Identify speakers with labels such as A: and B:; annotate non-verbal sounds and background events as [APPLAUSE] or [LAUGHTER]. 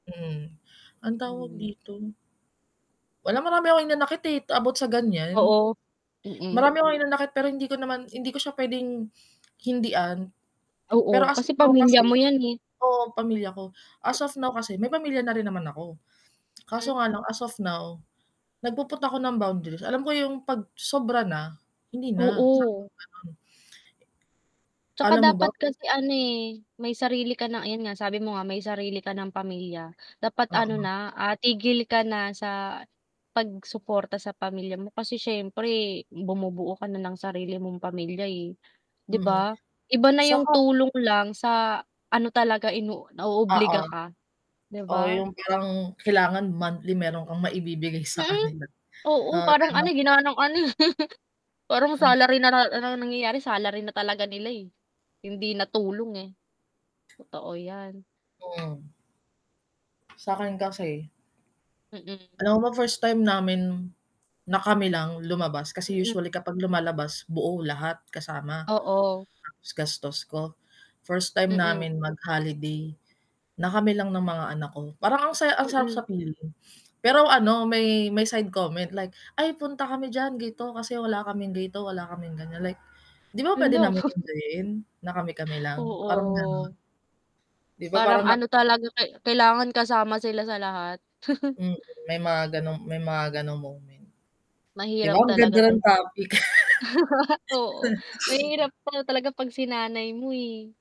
A: Mm, ano'ng tawag
B: Mhm.
A: dito? Wala, marami akong hinanakit, eh, about sa gan'yan.
B: Oo, mm.
A: Marami akong hinanakit, pero hindi ko naman hindi ko siya puwedeng [SMACKS LIPS] hindian, pero
B: Oo,
A: as of
B: kasi
A: now
B: pamilya
A: kasi
B: mo 'yan, eh.
A: oo, pamilya ko, as
B: M
A: of now kasi, may pamilya na rin naman ako. [SMACKS LIPS]
B: Hmm.
A: Kaso nga lang, as of now, nagpu-put na ako ng boundaries, alam ko yung 'pag sobra na, hindi na. Stop,
B: Oo.
A: gano'n.
B: 'Tsaka
A: Alam mo ba
B: dapat
A: kung
B: kasi ano, eh, may sarili ka ng ayun nga, sabi mo nga, may sarili ka ng pamilya. Dapat ano
A: Oo.
B: na, ah, tigil ka na sa pag-suporta sa pamilya mo, kasi siyempre, bumubuo ka na ng sarili mong pamilya, eh, 'di
A: Mm,
B: ba? Iba na yung
A: 'saka
B: tulong lang, sa ano talaga, ino
A: Oo.
B: naoobliga ka, 'di
A: Oo,
B: ba?
A: yung parang, kailangan monthly meron kang maibibigay sa
B: Mm.
A: kanila.
B: Oo,
A: Oo,
B: parang ano,
A: gano'n.
B: eh, ginawa ng ano, eh, [CHUCKLES] parang
A: Hmm.
B: salary na na ang na nangyayari, salary na talaga nila, eh, hindi na tulong, eh. Totoo 'yan.
A: Mm. Sa'kin kasi
B: Mm.
A: Alam mo ba first time namin, na kami lang lumabas, kasi
B: Mm.
A: usually kapag lumalabas, buo, lahat, kasama,
B: Oo.
A: ta's gastos ko. First time
B: Mm.
A: namin mag-holiday, na kami lang ng mga anak ko, parang ang saya ang sarap sa
B: Mm.
A: feeling. Pero ano, may may side comment, like, "Ay, punta kami diyan, ganito, kasi wala kaming ganito, wala kaming gan'yan". Like, 'di ba, puwede
B: Hala.
A: naming
B: [CHUCKLES]
A: enjoyin, na kami-kami lang, parang gano'n.
B: Oo.
A: 'Di ba, parang
B: Parang
A: nak
B: ano talaga, kai kailangan kasama sila sa lahat. [CHUCKLES]
A: Mm, may mga gano'ng may mga gano'ng moment. 'Di ba,
B: Mahirap
A: ang
B: talaga
A: ganda ng
B: din.
A: topic.
B: [CHUCKLES] Oo,
A: [CHUCKLES]
B: mahirap
A: [SNIFFS]
B: pala talaga 'pag sinanay mo, eh.